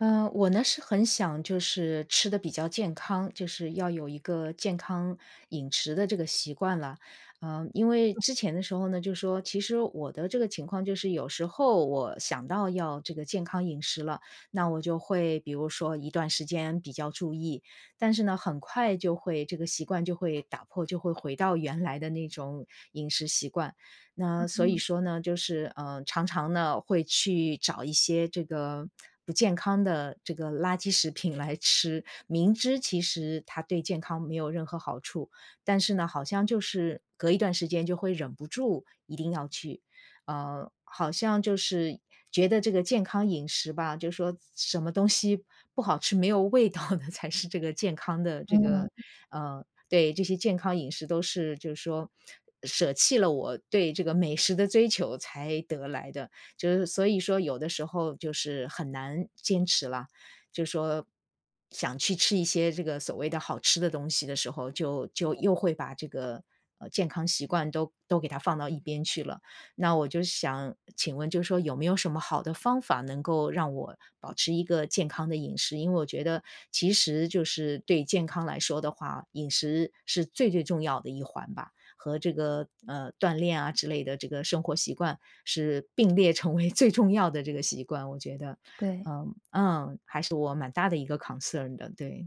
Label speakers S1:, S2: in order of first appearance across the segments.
S1: 呃，我呢是很想就是吃得比较健康，就是要有一个健康饮食的这个习惯了。呃，因为
S2: 嗯。
S1: 之前的时候呢，就说其实我的这个情况，就是有时候，我想到要这个健康饮食了，那我就会比如说一段时间比较注意。但是呢，很快就会这个习惯就会打破，就会回到原来的那种饮食习惯。
S2: 嗯
S1: 那所以
S2: 哼。
S1: 说呢，就是，呃，常常呢会去找一些这个不健康的这个垃圾食品来吃。明知其实它对健康没有任何好处，但是呢，好像就是隔一段时间，就会忍不住一定要去，呃，好像就是觉得这个健康饮食吧，就说什什么东西不好吃、没有味道的，才是这个健康的这个
S2: 嗯。
S1: 呃，对，这些健康饮食都是就说，舍弃了我对这个美食的追求，才得来的。就是所以说有的时候就是很难坚持了，就说想去吃一些这个所谓的好吃的东西的时候，就就又会把这个，呃，健康习惯都都给它放到一边去了。那我就想请问就说有没有什么好的方法，能够让我保持一个健康的饮食。因为我觉得，其实就是对健康来说的话，饮食是最最重要的一环吧。和这个，呃，锻炼啊之类的这个生活习惯，是并列成为最重要的这个习惯，我觉得。
S2: 对。
S1: 嗯，嗯，还是我蛮大的一个 concern 的，对。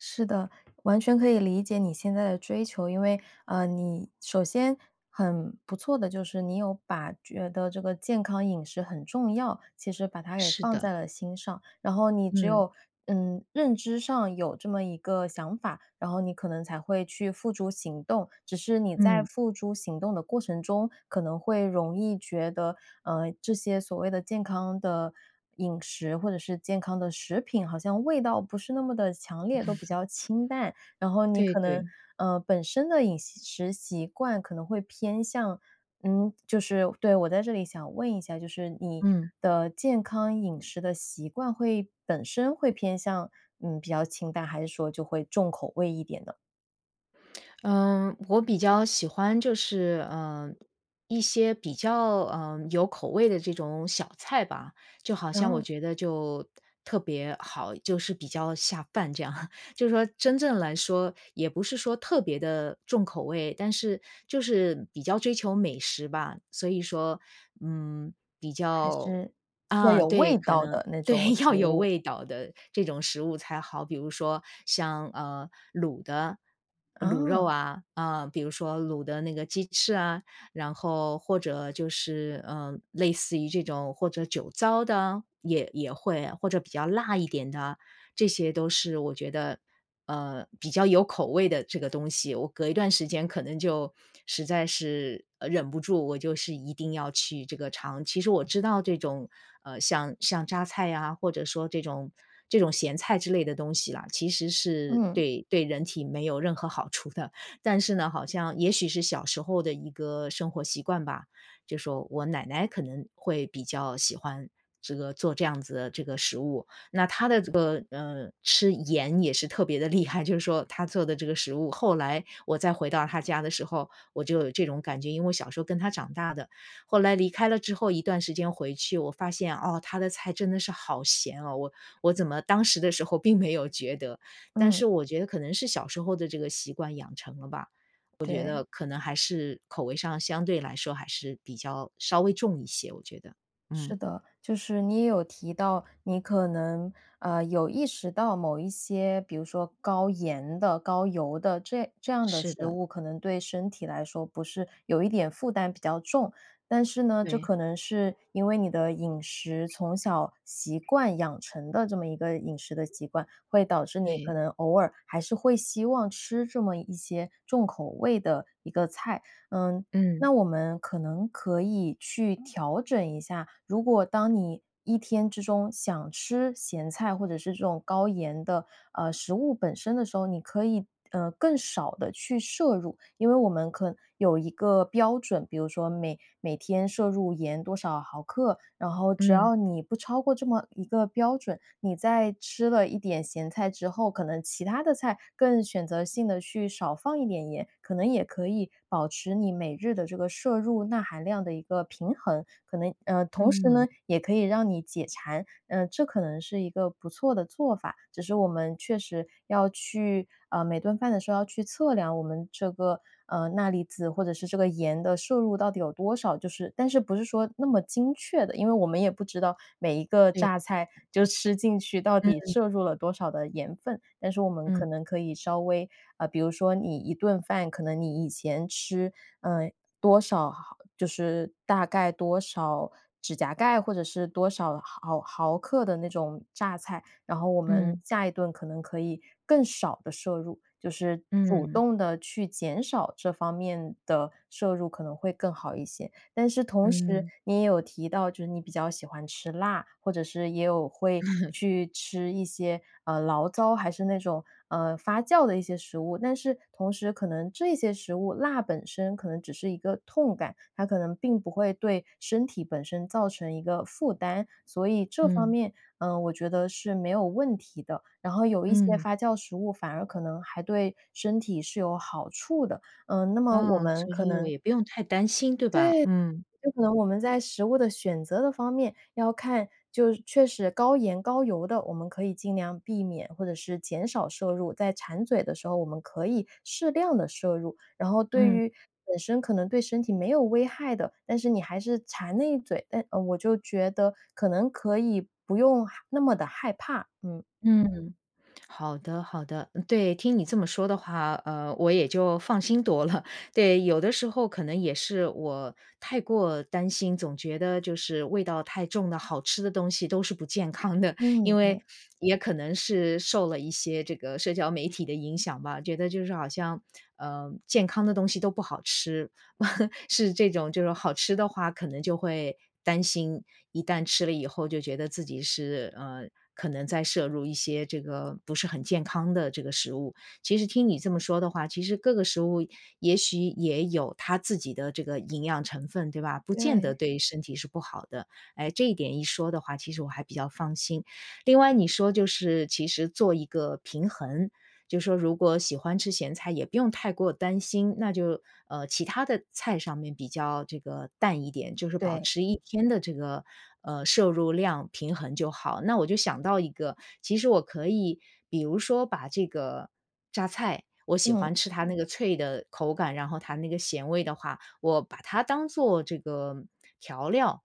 S2: 是的，完全可以理解你现在的追求。因为，呃，你首先很不错的就是你有把觉得这个健康饮食很重要，其实把它给
S1: 是
S2: 放
S1: 的。
S2: 在了心上。然后你只
S1: 嗯。
S2: 有，嗯，认知上有这么一个想法，然后你可能才会去付诸行动。只是你在
S1: 嗯。
S2: 付诸行动的过程中可能会容易觉得，嗯，这些所谓的健康的饮食，或者是健康的食品，好像味道不是那么地强烈，都比较清淡。然 后你
S1: 对
S2: 可能，
S1: 对。
S2: 呃，本身的饮食习惯可能会偏向，嗯，就是对，我在这里想问一下，就是你
S1: 嗯。
S2: 的健康饮食的习惯会本身会偏向，嗯，比较清淡，还是说就会重口味一点呢？
S1: 呃，我比较喜欢就是，呃，一些比较，呃，有口味的这种小菜吧。就好
S2: 然
S1: 像我
S2: 后
S1: 觉得就特别好就是比较下饭这样。就说真正来说也不是说特别的重口味，但是就是比较追求美食吧，所以说，嗯，比
S2: 还
S1: 较
S2: 是，要
S1: 啊，
S2: 有
S1: 对，
S2: 味
S1: 可
S2: 道
S1: 能
S2: 的那
S1: 对，
S2: 种
S1: 要
S2: 食
S1: 有
S2: 物。
S1: 味道的这种食物才好。比如说像，呃，卤的，卤肉
S2: 啊。
S1: 啊，呃，比如说卤的那个鸡翅啊，然后或者就是，呃，类似于这种或者酒糟的，也也会，或者比较辣一点的，这些都是我觉得，呃，比较有口味的这个东西。我隔一段时间可能就实在是忍不住，我就是一定要去这个尝。其实我知道这种，呃，像像榨菜啊，或者说这种这种咸菜之类的东西啦，其实是
S2: 嗯。
S1: 对对人体没有任何好处的。但是呢，好像也许是小时候的一个生活习惯吧，就说我奶奶可能会比较喜欢这个做这样子的这个食物。那她的这个，呃，吃盐也是特别地厉害，就是说她做的这个食物。后来我再回到她家的时候，我就有这种感觉。因为我小时候跟她长大的，后来离开了之后一段时间回去，我发现，哦，她的菜真的是好咸哦。我我怎么当时的时候并没有觉得，但
S2: 嗯。
S1: 是我觉得可能是小时候的这个习惯养成了吧。我觉
S2: 对。
S1: 得可能还是，口味上相对来说还是比较稍微重一些，我觉得，
S2: 是
S1: 嗯。
S2: 的，就是你也有提到，你可能，呃，有意识到某一些比如说高盐的、高油的，这这样的
S1: 是
S2: 食
S1: 的。
S2: 物可能对身体来说不是有一点负担比较重。但是呢，这
S1: 对。
S2: 可能是因为你的饮食从小习惯养成的这么一个饮食的习惯，会导致你可
S1: 对。
S2: 能偶尔还是会希望吃这么一些重口味的一个菜。嗯，
S1: 嗯。
S2: 那我们可能可以去调整一下，如果当你一天之中想吃咸菜或者是这种高盐的，呃，食物本身的时候，你可以，呃，更少地去摄入。因为我们可能有一个标准，比如说每每天摄入盐多少毫克，然后只
S1: 嗯。
S2: 要你不超过这么一个标准，你在吃了一点咸菜之后，可能其他的菜更选择性地去少放一点盐，可能也可以保持你每日的这个摄入钠含量的一个平衡。可能嗯，同时
S1: 嗯。
S2: 呢，也可以让你解馋，呃，这可能是一个不错的做法，只是我们确实要去呃，每顿饭的时候要去测量我们这个，呃，钠离子或者是这个盐的摄入到底有多少，就是但是不是说那么精确的。因为我们也不知道每一个
S1: 对。
S2: 榨菜就吃进去，到底
S1: 嗯。
S2: 摄入了多少的盐分，但是我们
S1: 嗯。
S2: 可能可以稍微呃，比如说你一顿饭，可能你以前吃，嗯，多少毫就是大概多少指甲盖或者是多少毫毫克的那种榨菜，然后我们
S1: 嗯。
S2: 下一顿可能可以更少地摄入，就是主
S1: 嗯。
S2: 动地去减少这方面的摄入可能会更好一些。但是同时
S1: 嗯。
S2: 你也有提到，就是你比较喜欢吃辣，或者是也有会 去吃一些，呃，醪糟还是那种，嗯，发酵的一些食物，但是同时可能这些食物辣本身可能只是一个痛感，它可能并不会对身体本身造成一个负担，所以这方
S1: 嗯。
S2: 面，嗯，我觉得是没有问题的。然后有一些
S1: 嗯。
S2: 发酵食物反而可能还对身体是有好处的。嗯，那么我
S1: 哦，
S2: 们
S1: 所
S2: 可
S1: 以我
S2: 能
S1: 也不用太担心，对吧？
S2: 对，
S1: 嗯。
S2: 可能我们在食物的选择的方面要看，就确实高盐高油的，我们可以尽量避免或者是减少摄入，在馋嘴的时候，我们可以适量地摄入。然后对
S1: 嗯。
S2: 于本身可能对身体没有危害的，但是你还是馋那一嘴，但我就觉得可能可以不用害那么地害怕，嗯。
S1: 嗯，好的好的。对，听你这么说的话，呃，我也就放心多了。对，有的时候可能也是我太过担心，总觉得就是味道太重的好吃的东西都是不健康的。
S2: 嗯，
S1: 因为
S2: 对。
S1: 也可能是受了一些这个社交媒体的影响吧，觉得就是好像，呃，健康的东西都不好吃，是这种就是好吃的话，可能就会担心，一旦吃了以后就觉得自己是，呃，可能在摄入一些这个不是很健康的这个食物。其实听你这么说的话，其实各个食物也许也有它自己的这个营养成分，对吧？不见得
S2: 对。
S1: 对身体是不好的。哎，这一点一说的话，其实我还比较放心。另外你说就是其实做一个平衡。就说如果喜欢吃咸菜也不用太过担心，那就，呃，其他的菜上面比较这个淡一点，就是保
S2: 对。
S1: 持一天的这个，呃，摄入量平衡就好。那我就想到一个，其实我可以比如说把这个榨菜我喜
S2: 嗯。
S1: 欢吃它那个脆的口感，然后它那个咸味的话，我把它当做这个调料，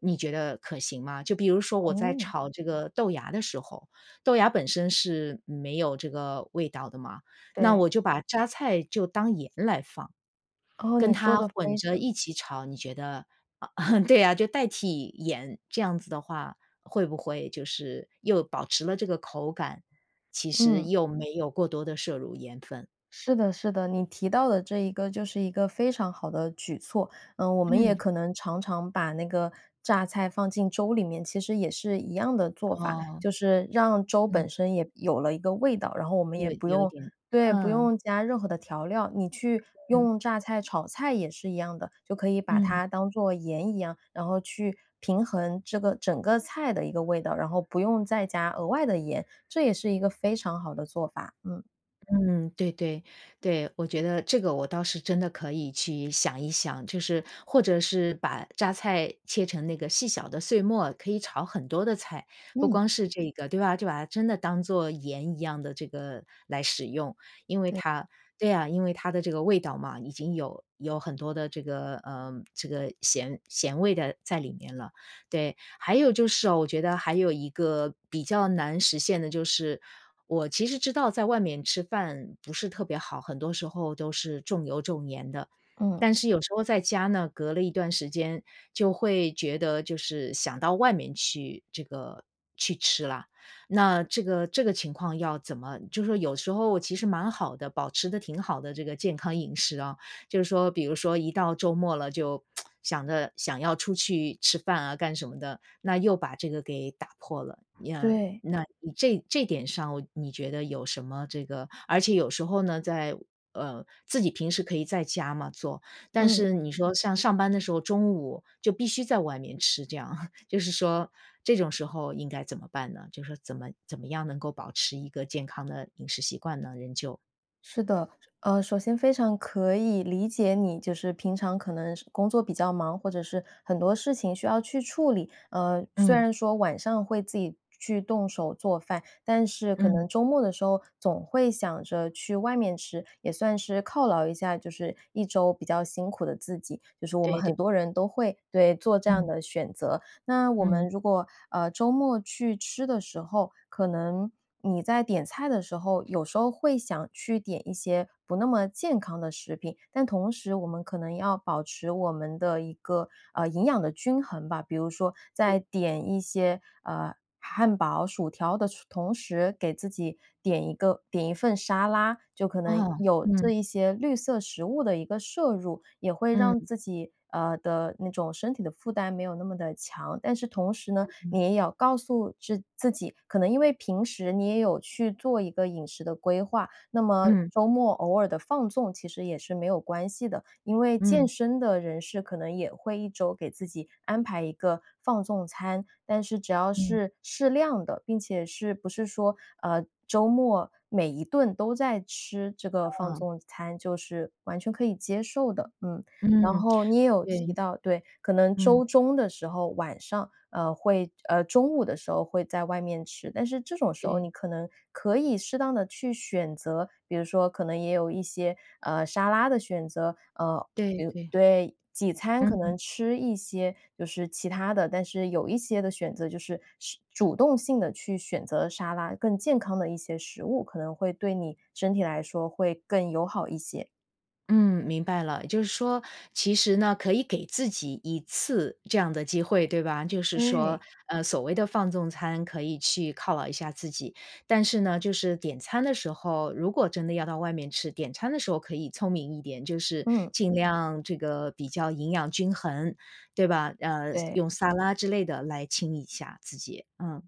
S1: 你觉得可行吗？就比如说我在
S2: 哦。
S1: 炒这个豆芽的时候，豆芽本身是没有这个味道的嘛，那我
S2: 对。
S1: 就把榨菜就当盐来放。
S2: 哦，
S1: 跟
S2: 你说
S1: 它
S2: 的
S1: 混
S2: 非
S1: 着
S2: 常
S1: 一起炒，你觉得 对啊，就代替盐，这样子的话，会不会就是又保持了这个口感，其实
S2: 嗯。
S1: 又没有过多地摄入盐分。
S2: 是的是的，你提到的这一个就是一个非常好的举措。嗯，我们也
S1: 嗯。
S2: 可能常常把那个榨菜放进粥里面，其实也是一样的做法，
S1: 哦。
S2: 就是让粥
S1: 嗯。
S2: 本身也有了一个味道。然后我们
S1: 有
S2: 也不
S1: 有一
S2: 用
S1: 点，
S2: 对，不
S1: 嗯。
S2: 用加任何的调料，你去
S1: 嗯。
S2: 用榨菜炒菜也是一样的，就可以把
S1: 嗯。
S2: 它当作盐一样，然后去平衡这个整个菜的一个味道，然后不用再加额外的盐，这也是一个非常好的做法，嗯。
S1: 嗯，对对，对。我觉得这个我倒是真的可以去想一想，就是或者是把榨菜切成那个细小的碎末，可以炒很多的菜。不
S2: 嗯。
S1: 光是这个对吧？就把它真的当作盐一样地这个来使用，因为
S2: 对。
S1: 它对啊，因为它的这个味道嘛，已经有有很多的这个，呃这个咸咸味的在里面了，对。还有就是哦我觉得还有一个比较难实现的就是，我其实知道在外面吃饭不是特别好，很多时候都是重油、重盐的。
S2: 嗯。
S1: 但是有时候在家呢，隔了一段时间就会觉得就是想到外面去这个去吃了。那这个这个情况要怎么就说有时候其实蛮好的，保持得挺好的这个健康饮食啊，就是说比如说一到周末了就 想着想要出去吃饭啊干什么的，那又把这个给打破了。呀，
S2: 对。
S1: 那这这点上我你觉得有什么这个而且有时候呢，在呃，自己平时可以在家嘛做，但
S2: 嗯。
S1: 是你说像上班的时候，中午就必须在外面吃这样，就是说这种时候应该怎么办呢？就是怎么怎么样能够保持一个健康的饮食习惯呢，仍旧？
S2: 是的，呃，首先非常可以理解你，就是平常可能是工作比较忙，或者是很多事情需要去处理。呃，虽
S1: 嗯。
S2: 然说晚上会自己去动手做饭，但是可
S1: 嗯。
S2: 能周末的时候总会想着去外面吃，也算是犒劳一下就是一周比较辛苦的自己。就是我们
S1: 对对。
S2: 很多人都会对，做这样
S1: 嗯。
S2: 的选择。那我
S1: 嗯。
S2: 们如果，呃，周末去吃的时候，可能你在点菜的时候有时候会想去点一些不那么健康的食品，但同时我们可能要保持我们的一个，呃，营养的均衡吧。比如说
S1: 对。
S2: 在点一些，呃，汉堡、薯条的同时给自己点一个点一份沙拉，就可能
S1: 哦，
S2: 有这
S1: 嗯。
S2: 一些绿色食物的一个摄入。也会让
S1: 嗯。
S2: 自己，呃，的那种身体的负担没有那么地强，但是同时呢，
S1: 嗯。
S2: 你也要告诉志自己，可能因为平时你也有去做一个饮食的规划，那么
S1: 嗯。
S2: 周末偶尔的放纵其实也是没有关系的。因为健
S1: 嗯。
S2: 身的人士可能也会一周给自己安排一个放纵餐，但是只要
S1: 嗯。
S2: 是适量的，并且是，不是说，呃，周末每一顿都在吃这个放
S1: 嗯。
S2: 纵餐，就是完全可以接受的，嗯。然
S1: 嗯，
S2: 后你也有提
S1: 对。
S2: 到对，可能
S1: 嗯。
S2: 周中的时候，晚上，呃，会呃，中午的时候会在外面吃。但是这种时候
S1: 对。
S2: 你可能可以适当地去选择比如说可能也有一些，呃，沙拉的选择。呃，
S1: 对，
S2: 对。
S1: 对。
S2: 对，几餐可能
S1: 嗯。
S2: 吃一些，就是其它的，但是有一些的选择，就是吃主动性地去选择沙拉，更健康的一些食物，可能会对你身体来说会更友好一些。
S1: 嗯，明白了。也就是说，其实呢，可以给自己1次这样的机会，对吧？就是说，
S2: 对。
S1: 呃，所谓的放纵餐可以去犒劳一下自己。但是呢，就是点餐的时候如果真的要到外面吃，点餐的时候可以聪明一点。就是
S2: 嗯。
S1: 尽量这个比较营养均衡，对吧？呃，
S2: 对。
S1: 用撒拉之类的来清理一下自己，嗯。